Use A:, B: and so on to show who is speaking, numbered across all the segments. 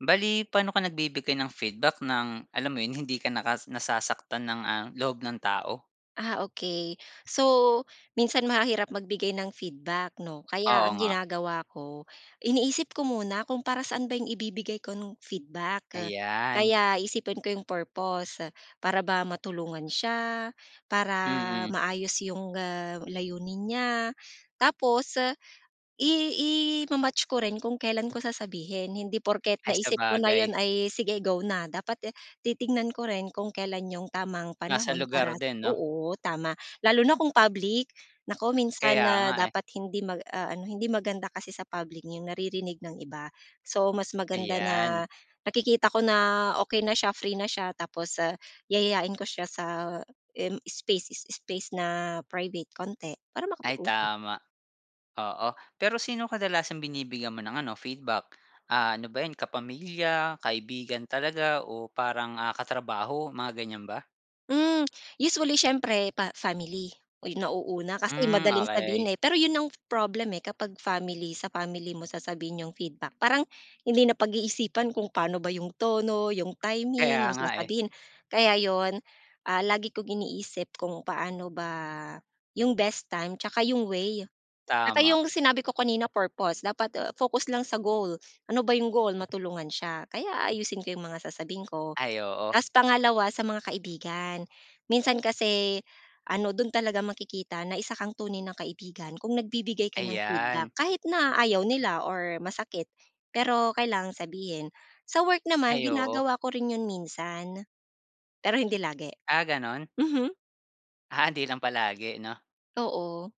A: Bale, paano ka nagbibigay ng feedback ng, alam mo 'yon, hindi ka nakas nasasaktan ng, ah, loob ng tao?
B: Ah, okey. So, minsan mahirap magbigay ng feedback, 'no? Kaya
A: Oo
B: ang
A: nga.
B: ginagawa ko, iniisip ko muna kung para saan ba yung ibibigay ko, nung feedback.
A: Ayan.
B: Kaya iisipin ko yung purpose. Para ba matulungan siya? Para
A: Mm.
B: maayos yung, ah, layunin niya? Tapos i ima-match ko rin kung kailan ko sasabihin. Hindi porket
A: Ay,
B: naisip ko na 'yon,
A: sabagay.
B: ay, sige go na. Dapat titingnan ko rin kung kailan yung tamang
A: Nasa
B: panahon para
A: lugar din, 'no?
B: oo, tama. Lalo na kung public. Naku, minsan
A: Kaya nga,
B: na
A: eh.
B: dapat hindi mag-aano, hindi maganda kasi sa public, yung naririnig ng iba. So, mas maganda
A: Ayan.
B: na nakikita ko na okey na siya, free na siya, tapos yayayain ko siya sa im space is space na private konti, para
A: Ay
B: makapag-usap.
A: tama. Oo, pero sino kadalasang binibigyan mo ng ano, feedback? Ah, ano ba 'yan kapamilya, kaibigan talaga o parang, ah, katrabaho, mga ganyan ba?
B: Hmm, usually siyempre pa family, oo yung nauuna kasi
A: Hmm,
B: madaling
A: okey.
B: sabihin, eh, pero 'yon ang problem, eh, kapag family, sa family mo sasabihin yung feedback. Parang hindi napag-iisipan kung paano ba yung tono, yung
A: Kaya
B: timing, yung
A: nga, eh.
B: sasabihin, kaya 'yon, ah, lagi kong iniisip kung paano ba yung best time 'tsaka yung way, 'tsaka
A: Tama.
B: yung sinabi ko kanina purpose dapat, ah, focus lang sa goal. Ano ba yung goal, matulungan siya kaya aayusin ko yung mga sasabihin ko.
A: Ay, oo.
B: Tas pangalawa sa mga kaibigan. Minsan kasi ano, do'n talaga makikita na isa kang tunay ng kaibigan kung nagbibigay ka ng feedback
A: Ayan.
B: kahit na ayaw nila or masakit, pero kailangan sabihin. Sa work naman
A: Ay, oo.
B: ginagawa ko rin 'yon minsan pero hindi lagi.
A: Ah, gano'n?
B: Mhm.
A: Ah, 'di lang palagi 'no?
B: Oo,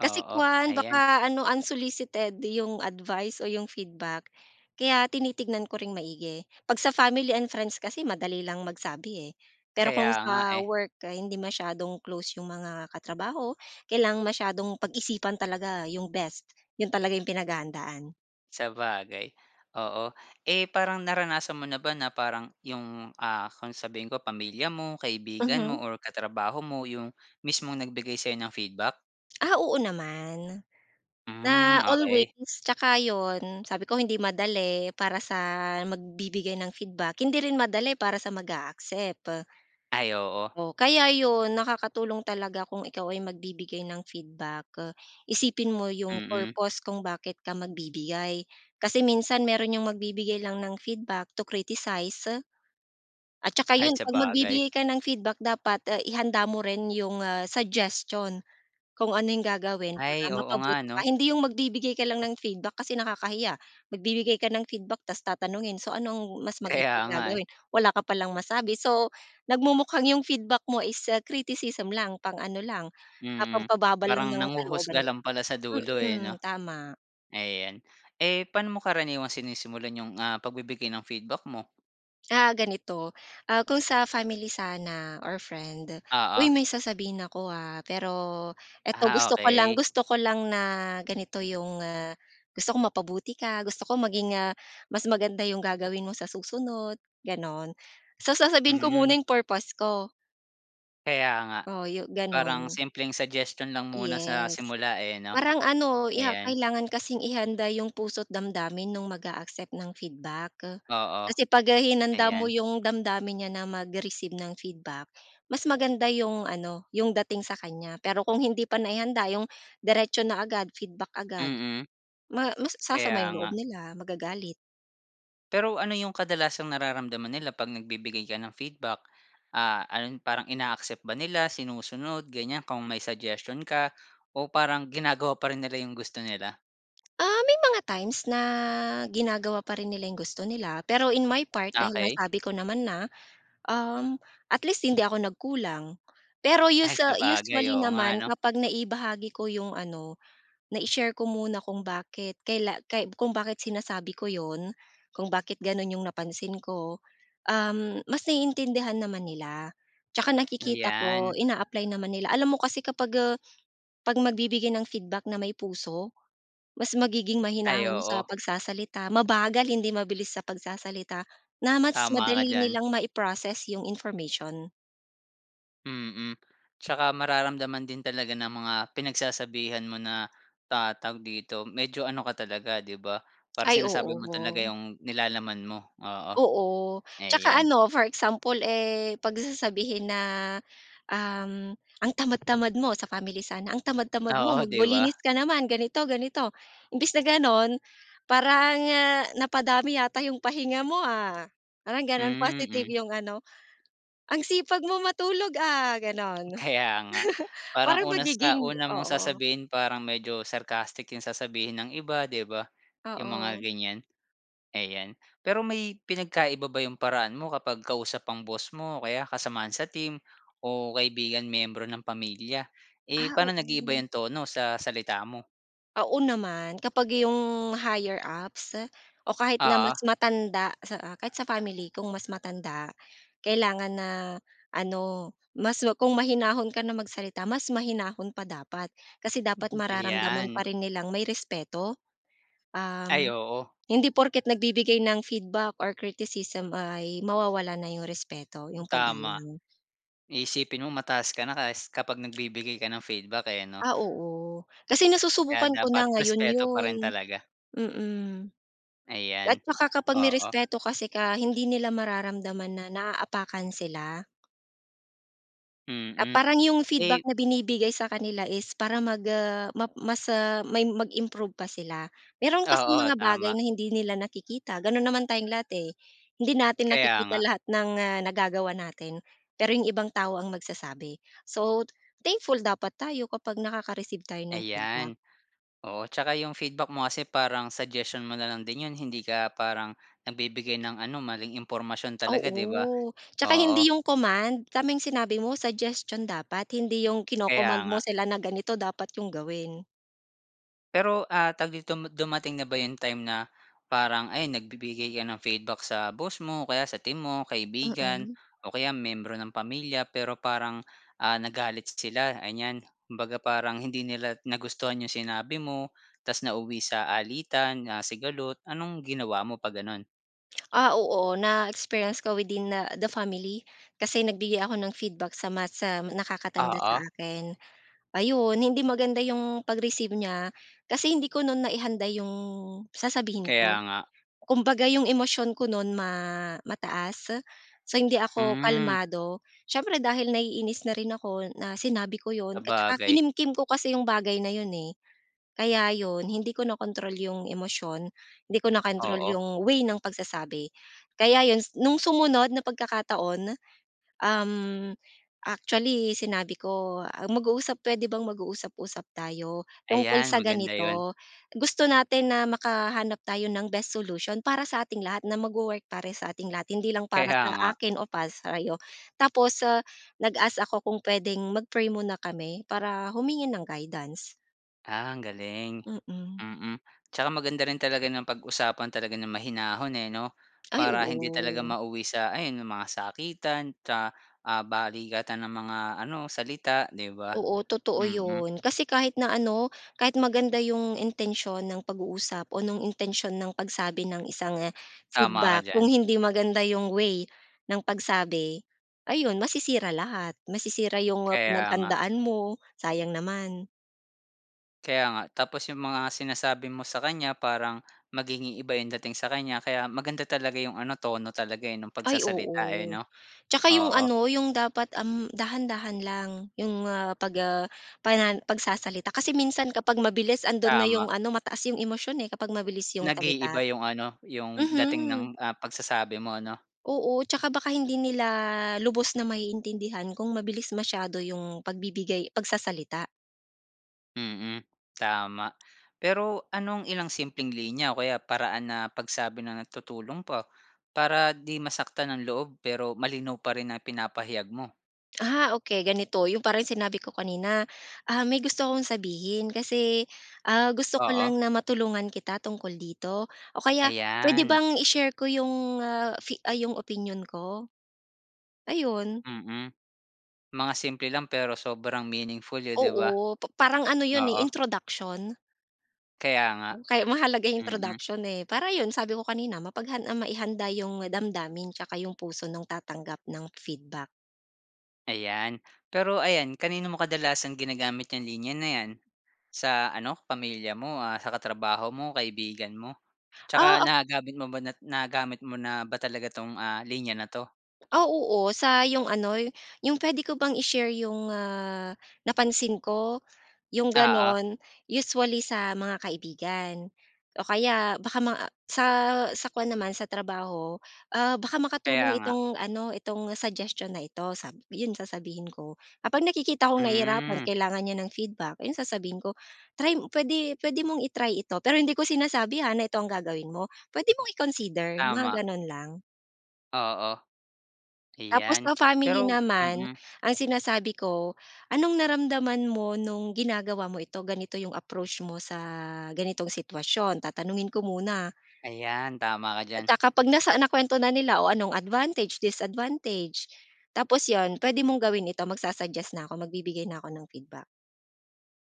B: kasi kuwan
A: ayan.
B: baka ano unsolicited yung advice o yung feedback kaya tinitignan ko ring maigi. 'Pag sa family and friends kasi madali lang magsabi, eh, pero
A: Kaya
B: kung
A: nga,
B: sa
A: eh.
B: work ay hindi masyadong close yung mga katrabaho, kailangan masyadong pag-isipan talaga yung best. 'Yon talaga yung pinaghahandaan.
A: Sabagay, oo. Eh, parang naranasan mo na ba na parang 'yong ah, kung sabihin ko pamilya mo, kaibigan mo,
B: Mhm.
A: or katrabaho mo 'yong mismong nagbigay sa'yo ng feedback?
B: Ah, oo, naman. Na
A: Hmm,
B: always,
A: okey.
B: tsaka 'yon sabi ko, hindi madali para sa magbibigay ng feedback, hindi rin madali para sa mag-a-accept.
A: Ay, oo.
B: O, kaya 'yon nakakatulong talaga kung ikaw ay magbibigay ng feedback, isipin mo 'yong
A: Mm.
B: purpose kung bakit ka magbibigay. Kasi minsan meron 'yong magbibigay lang ng feedback to criticize. At tsaka
A: Ay
B: 'yon 'pag
A: sabagay.
B: magbibigay ka ng feedback dapat, ihanda mo rin 'yong, ah, suggestion, kung ano 'yong gagawin para
A: Ay, oo nga,
B: mapabuti pa.
A: 'no?
B: Hindi 'yong magbibigay ka lang ng feedback kasi nakakahiya, magbibigay ka ng feedback tapos tatanungin so ano ang mas maigi
A: Kaya
B: na
A: nga eh.
B: gagawin wala ka palang masabi. So nagmumukhang 'yong feedback mo is ah, criticism lang pang-ano lang, ah
A: Mm.
B: pampababa lang
A: Parang
B: ng kalooban
A: nanghuhusga
B: niya.
A: lang pala sa dulo eh,
B: Mm,
A: 'no?
B: tama.
A: Ayan. Eh, pa'no mo karaniwang sinisimulan 'yong, ah, pagbibigay ng feedback mo?
B: Ah, ganito. Ah, kung sa family sana or friend,
A: Oo.
B: "Uy, may sasabihin ako, ah, pero ito
A: Ah,
B: gusto ko lang
A: okey.
B: gusto ko lang na ganito 'yong, nga gusto kong mapabuti ka, gusto ko maging, ah, mas maganda 'yong gagawin mo sa susunod," gano'n. So, sasabihin ko
A: Hmm.
B: muna 'yong purpose ko.
A: Kaya nga.
B: Oo, yo
A: Parang
B: gano'n.
A: simpleng suggestion lang muna sa
B: Yes.
A: simula, eh, 'no?
B: Parang ano, 'yeah,
A: Ayan.
B: kailangan kasing ihanda 'yong puso't damdamin no'ng mag-aaccept ng feedback.
A: Oo,
B: Kasi 'pag hinanda mo
A: ayan.
B: 'yong damdamin niya na mag-receive ng feedback, mas maganda 'yong ano, 'yong dating sa kanya. Pero kung hindi pa naihanda, 'yong diretso na agad, feedback agad,
A: Mm.
B: ma mas sasama
A: Kaya
B: 'yong loob
A: nga.
B: nila, magagalit.
A: Pero ano 'yong kadalasang nararamdaman nila 'pag nagbibigay ka ng feedback? Ah, ano 'yon, parang ina-accept ba nila, sinusunod, ganyan, kung may suggestion ka, o parang ginagawa pa rin nila 'yong gusto nila?
B: Ah, may mga times na ginagawa pa rin nila 'yong gusto nila, pero in my part, dahil
A: Okey.
B: nasabi ko naman na, uhm, at least hindi ako nagkulang. Pero
A: Ay,
B: us
A: sabagay,
B: usually
A: oo nga,
B: naman,
A: 'no?
B: kapag naibahagi ko 'yong, ano, nai-share ko muna kung bakit kaila kay kung bakit sinasabi ko 'yon, kung bakit gano'n 'yong napansin ko, uhm, mas naiintindihan naman nila. Tsaka nakikita ko,
A: Ayan.
B: ina-apply naman nila. Alam mo kasi, kapag, eh, 'pag magbibigay ng feedback na may puso, mas magiging
A: Ay,
B: mahinahon sa
A: oo.
B: pagsasalita, mabagal, hindi mabilis sa pagsasalita, na, mas
A: Tama ka
B: madali
A: diyan.
B: nilang mai-process 'yong information.
A: Mm, 'tsaka mararamdaman din talaga ng mga pinagsasabihan mo na ta tawag dito, medyo ano ka talaga, 'di ba, para
B: Ay
A: sinasabi
B: oo.
A: mo talaga 'yong nilalaman mo. Oo,
B: Oo, tsaka
A: ayan.
B: ano for example, eh, 'pag sasabihin na, um, ang tamad-tamad mo, sa family sana. Ang tamad-tamad mo,
A: Oo, 'di
B: magwa linis
A: ba?
B: ka naman, ganito, ganito. Imbes na gano'n, parang ah, "Napadami yata 'yong pahinga mo ah?" Parang gano'n,
A: Hmm
B: positive
A: mm.
B: 'yong ano. "Ang sipag mo matulog ah?" Gano'n.
A: Kaya nga,
B: Para
A: parang una sa
B: magiging
A: una mong
B: Oo.
A: sasabihin parang medyo sarcastic 'yong sasabihin ng iba, 'di ba? 'Yong mga
B: Oo.
A: ganyan. Ayan, pero may pinagkaiba ba 'yong paraan mo kapag kausap ang boss mo o kaya kasamahan sa team o kaibigan, miyembro ng pamilya. Eh,
B: Ah,
A: pa'no
B: oo.
A: nag-iiba 'yong tono sa salita mo?
B: Oo naman. Kapag 'yong higher ups o kahit na mas
A: Oo.
B: matanda sa kahit sa family kung mas matanda, kailangan na ano mas ma kung mahinahon ka na magsalita, mas mahinahon pa dapat. Kasi dapat mararamdaman pa
A: Ayan.
B: rin nilang may respeto.
A: Ay,
B: Um,
A: oo.
B: hindi porket nagbibigay ng feedback or criticism ay mawawala na 'yong respeto, 'yong
A: Tama.
B: paggalang.
A: Iisipin mo mataas ka na kas kapag nagbibigay ka ng feedback eh, 'no?
B: Ah, oo, kasi
A: Kaya
B: nasusubukan ko na
A: dapat
B: ngayon
A: respeto pa
B: 'yon,
A: rin talaga.
B: mm. At
A: Ayan,
B: saka kapag may
A: oo.
B: respeto kasi ka hindi nila mararamdaman na naapakan sila. Ah,
A: Mm,
B: parang 'yong feedback
A: eh
B: na binibigay sa kanila is para mag ah, map mas ah, may mag-improve pa sila. Meron kasing
A: Oo,
B: mga bagay
A: tama.
B: na hindi nila nakikita gano'n naman tayong lahat, eh. Hindi natin
A: Kaya
B: nakikita
A: nga.
B: lahat ng, ah, nagagawa na'tin, pero 'yong ibang tao ang magsasabi. So, thankful dapat tayo kapag nakaka-receive tayo ng feedback.
A: Ayan, oo. Tsaka 'yong feedback mo kasi parang suggestion mo na lang din 'yon hindi ka parang nagbibigay ng ano, maling impormasyon talaga, 'di ba?
B: Oo, tsaka
A: Oo.
B: hindi 'yong command. Tama 'yong sinabi mo suggestion dapat, hindi 'yong
A: Kaya
B: kino-command mo
A: nga.
B: sila na ganito dapat 'yong gawin.
A: Pero, ah, tawag dito mod dumating na ba 'yong time na parang ayun nagbibigay ka ng feedback sa boss mo, o kaya sa team mo, kaibigan
B: Mm.
A: o kaya miyembro ng pamilya, pero parang, ah, nagalit sila, anyan. Kumbaga, parang hindi nila nagustuhan 'yong sinabi mo ta's nauwi sa alitan na sigalot. Anong ginawa mo 'pag gano'n?
B: Ah oo, na-experience ko within, ah, the family. Kasi nagbigay ako ng feedback sa mas, ah, nakakatanda sa
A: Ah, oh.
B: akin. Ayon, hindi maganda 'yong pag-receive niya kasi hindi ko no'n naihanda 'yong sasabihin
A: Kaya
B: ko.
A: nga.
B: Kumbaga, 'yong emosyon ko no'n ma mataas. So, hindi ako
A: Hmm.
B: kalmado. Siyempre dahil naiinis na rin ako na sinabi ko 'yon at tsaka
A: Sabagay.
B: kinimkim ko kasi 'yong bagay na 'yon, eh. Kaya 'yon hindi ko nakontrol 'yong emosyon. Hindi ko nakontrol
A: Oo.
B: 'yong way ng pagsasabi. Kaya 'yon s, no'ng sumunod na pagkakataon, uhm, actually sinabi ko, ah, mag-uusap puwede bang mag-uusap-usap tayo tungkol
A: Ayan,
B: sa
A: maganda 'yon.
B: ganito. Gusto natin na makahanap tayo ng best solution para sa ating lahat na magwo-work para sa ating lahat hindi lang para
A: Kaya nga.
B: sa akin o para sa'yo. Tapos, se nag-ask ako kung puwedeng mag-pray muna kami para humingi ng guidance.
A: Ah, ang galing.
B: Mm.
A: Mm. Tsaka maganda rin talaga na pag-usapan talaga ng mahinahon, eh, 'no?
B: Ay,
A: Para hindi talaga
B: oo.
A: mauwi sa ayon yong mga sakitan tsa ah, balikatan ng mga ano, salita, 'di ba?
B: Oo, totoo
A: Mm.
B: 'yon. Kasi kahit na ano, kahit maganda 'yong intensyon ng pag-uusap o no'ng intensyon ng pagsabi ng isang, ah,
A: Tama ka
B: feedback, kung
A: diyan.
B: hindi maganda 'yong way ng pagsabi, ayon, masisira lahat. Masisira 'yong
A: Kaya nga.
B: pinaghandaan mo, sayang naman.
A: Kaya nga, tapos 'yong mga sinasabi mo sa kanya, parang magiging iba 'yong dating sa kanya. Kaya maganda talaga 'yong ano, tono talaga, eh, no'ng
B: Ay,
A: pagsasalita, eh,
B: oo.
A: 'no?
B: Tsaka 'yong
A: Oo.
B: ano, 'yong dapat, uhm, dahan-dahan lang, 'yong, ah, pag, ah, pana pagsasalita. Kasi minsan kapag mabilis, andoon na 'yong
A: Tama.
B: ano, mataas 'yong emosyon, eh, kapag mabilis 'yong salita.
A: Nag-iiba 'yong ano, 'yong dating ng,
B: Mhm.
A: ah, pagsasabi mo, 'no?
B: Oo. Tsaka baka hindi nila lubos na maiintindihan kung mabilis masyado 'yong pagbibigay pagsasalita.
A: Mm. Tama. Pero anong ilang simpleng linya o kaya paraan na pagsabi na tutulong pa, para 'di masaktan ang loob, pero malinaw pa rin na ipinapahayag mo?
B: Ah okey. Ganito yung parang sinabi ko kanina, ah "May gusto akong sabihin kasi, ah, gusto ko lang
A: Oo.
B: na matulungan kita tungkol dito o kaya puwede
A: Ayan.
B: bang i-share ko yung, ah, fi ah, yung opinyon ko?" Ayun.
A: Mm, mga simple lang pero sobrang meaningful, oh, 'di ba?
B: Oo, pa parang ano 'yon, eh,
A: Oo.
B: introduction.
A: Kaya nga,
B: Kaya mahalaga yung
A: mm.
B: introduction, eh, para 'yon sabi ko kanina mapaghan maihanda yung damdamin 'tsaka yung puso nung tatanggap ng feedback.
A: Ayan. Pero ayan, kanino mo kadalasang ginagamit 'yang linya na 'yan? Sa ano pamilya mo, ah, sa katrabaho mo, kaibigan mo?
B: Ah,
A: 'Tsaka
B: o
A: nagagamit mo ba na nagagamit mo na ba talaga 'tong, ah, linya na 'to?
B: ah, oo. sa yung ano yung puwede ko bang i-share yung, ah, napansin ko, yung
A: Oo.
B: gano'n. Usually, sa mga kaibigan o kaya baka maa sa sa kuwan naman sa trabaho, ah, baka
A: Kaya
B: makatulong
A: nga.
B: itong ano itong suggestion na ito sabi 'yon sasabihin ko, "kapag nakikita kong nahihirapan
A: Hmm.
B: kailangan niya ng feedback" iyon sasabihin ko. "Try mo puwede puwede mong i-try ito", pero hindi ko sinasabi, ha, na ito ang gagawin mo. Puwede mong i-consider, mga
A: Tama.
B: gano'n lang.
A: Oo.
B: Tapos
A: Ayan.
B: sa family
A: Pero
B: naman,
A: mm.
B: ang sinasabi ko, anong naramdaman mo, no'ng ginagawa mo ito, ganito yung approach mo sa ganitong sitwasyon? Tatanungin ko muna.
A: Ayan, tama ka
B: At,
A: diyan.
B: ah, kapag nasa nakwento na nila, "O, anong advantage, disadvantage." Tapos 'yon, "Puwede mong gawin ito," magsa-suggest na 'ko. Magbibigay na ako ng feedback.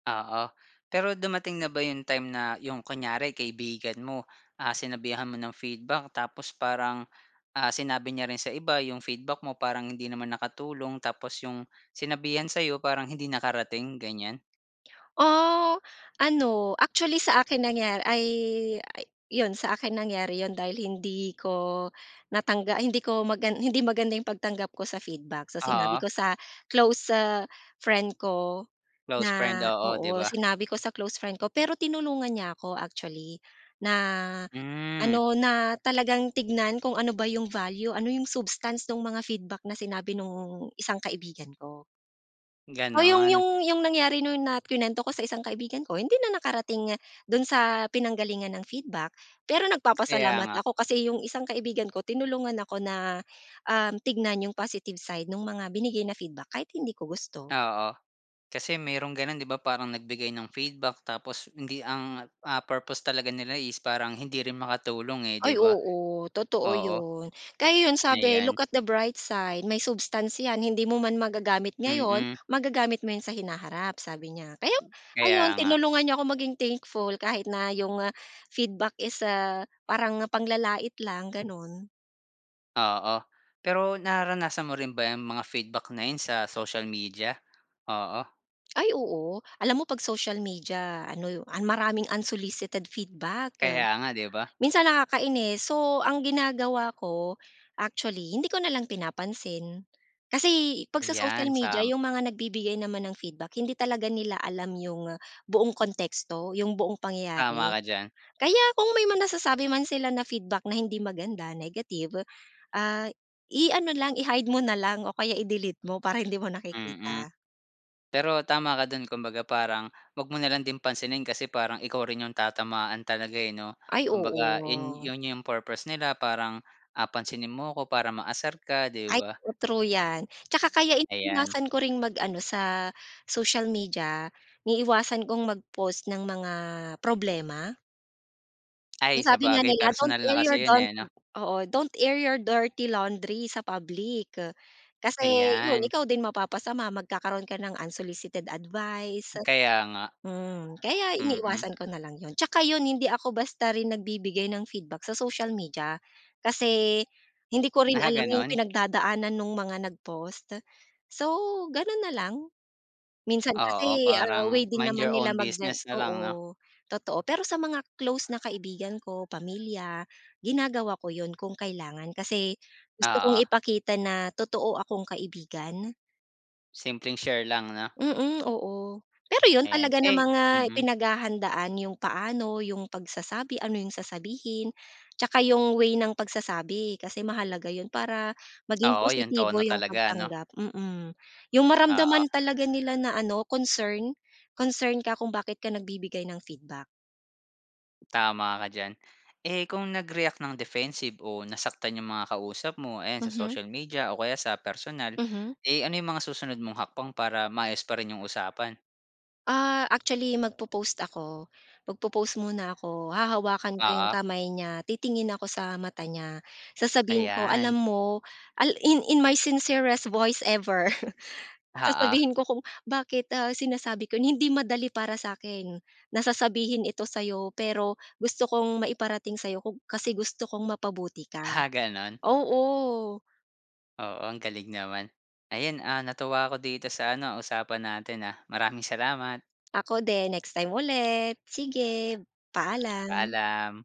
A: Oo, pero dumating na ba yung time na yung kunyari kaibigan mo, ah, sinabihan mo ng feedback. Tapos parang, ah, sinabi niya rin sa iba yung feedback mo, parang hindi naman nakatulong. Tapos yung sinabihan sa'yo, parang hindi nakarating, ganyan?
B: Ah, ano, actually, sa akin nangya ay 'yon, sa akin nangyari 'yon, dahil hindi ko natangga ay, hindi ko maga hindi maganda yung pagtanggap ko sa feedback. So, sinabi
A: Oo.
B: ko sa close friend ko
A: Close friend,
B: na,
A: oo, 'di
B: oo,
A: ba?
B: sinabi ko sa close friend ko. Pero tinulungan niya ako, actually, na
A: Hmm.
B: ano, na talagang tignan kung ano ba yung value, ano yung substance no'ng mga feedback na sinabi no'ng isang kaibigan ko. Oh, yung
A: Gano'n.
B: yung yung nangyari no'n na kinuwento ko sa isang kaibigan ko, hindi na nakarating doon sa pinanggalingan ng feedback. Pero
A: Kaya
B: nagpapasalamat
A: nga.
B: ako kasi yung isang kaibigan ko tinulungan ako na, um, tignan yung positive side 'nong mga binigay na feedback kahit hindi ko gusto.
A: Oo, kasi merong gano'n, 'di ba? Parang nagbigay ng feedback tapos hindi ang ah, purpose talaga nila is parang hindi rin makatulong eh, 'di
B: Ay,
A: ba?
B: oo, totoo
A: Oo.
B: 'yon. Kaya 'yon sabi,
A: Ayan.
B: look at the bright side, may substance 'yan, hindi mo man magagamit ngayon,
A: Mm.
B: magagamit mo 'yon sa hinaharap, sabi niya. Kaya ayon,
A: Kaya nga.
B: tinulungan niya ako maging thankful kahit na yung feedback is, ah, parang panglalait lang, gano'n.
A: Oo, pero nararanasan mo rin ba 'yang mga feedback na 'yon sa social media, oo?
B: Ay, oo. Alam mo 'pag social media ano, maraming unsolicited feedback.
A: Kaya nga, 'di ba?
B: Minsan nakakainis. So, ang ginagawa ko actually hindi ko na lang pinapansin. Kasi 'pag sa social
A: Ayan,
B: media
A: sam
B: yung mga nagbibigay naman ng feedback hindi talaga nila alam yung buong konteksto, yung buong
A: Tama
B: pangyayari.
A: ka diyan.
B: Kaya kung may mga nasasabi man sila na feedback na hindi maganda, negative, ah, i-ano lang, i-hide mo na lang o kaya i-delete mo para hindi mo
A: Mm.
B: nakikita.
A: Pero tama ka do'n. Kumbaga, parang 'wag mo na lang din pansinin kasi parang ikaw rin yung tatamaan talaga eh, 'no?
B: Ay,
A: Kumbaga, 'yon
B: oo.
A: 'yon yung purpose nila parang, ah, pansinin mo 'ko para maasar ka, 'di
B: Ay,
A: ba?
B: o true 'yan. Tsaka kaya
A: Ayan.
B: iniiwasan ko ring mag-ano sa social media, iniiwasan kong mag-post ng mga problema? Ang
A: Ay,
B: sabi nga
A: sabagay
B: nila, don't
A: personal na
B: air your,
A: kasi 'yon
B: don't,
A: eh, 'no?
B: oo. Don't air your dirty laundry sa public. Kasi 'yon
A: Ayan.
B: ikaw din mapapasama, magkakaroon ka ng unsolicited advice.
A: Kaya nga.
B: Mm. Kaya
A: Mm.
B: iniiwasan ko na lang 'yon. Tsaka 'yon, hindi ako basta rin nagbibigay ng feedback sa social media. Kasi hindi ko rin
A: Ah,
B: alam yung
A: gano'n?
B: pinagdadaanan nung mga nag-post. So, gano'n na lang. Minsan
A: Oo,
B: kasi, ah,
A: parang
B: way din
A: mind
B: naman
A: your
B: nila
A: own
B: mag gen
A: business na lang, 'no?
B: oo, totoo, pero sa mga close na kaibigan ko, pamilya, ginagawa ko 'yon kung kailangan, kasi gusto kong
A: Oo.
B: ipakita na totoo akong kaibigan.
A: Simpleng share lang, 'no?
B: Mm. Oo. Pero 'yon,
A: Ayan,
B: talaga
A: eh
B: namang, ah,
A: mm.
B: pinaghahandaan yung paano, yung pagsasabi, ano yung sasabihin tsaka yung way ng pagsasabi kasi mahalaga 'yon para maging
A: Oo, yung
B: positibo
A: tono
B: yung
A: talaga, 'no?
B: pagtanggap, mm. Yung
A: Oo.
B: maramdaman talaga nila na ano, concern, concern ka kung bakit ka nagbibigay ng feedback.
A: Tama ka diyan. Eh, kung nag-react nang defensive o nasaktan yung mga kausap mo, ayan sa
B: Mhm.
A: social media o kaya sa personal,
B: Mhm.
A: eh, ano yung mga susunod mong hakbang para maayos pa rin yung usapan?
B: Ah, actually magpo-pause ako. Magpo-pause muna ako. Hahawakan ko yung
A: Oo.
B: kamay niya, titingin ako sa mata niya sasabihin ko, "Alam
A: Ayan.
B: mo," al in in my sincerest voice ever
A: Oo.
B: sasabihin ko kung bakit, ah, sinasabi ko, "Hindi madali para sa'kin, na sasabihin ito sa'yo. Pero gusto kong maiparating sa'yo kung kasi gusto kong mapabuti ka."
A: Ah, ganun?
B: Oo.
A: Oo, ang galing naman. Ayon, ah, natuwa ako dito sa ano, usapan natin ah? Maraming salamat.
B: Ako din. Next time ulit. Sige, paalam.
A: Paalam.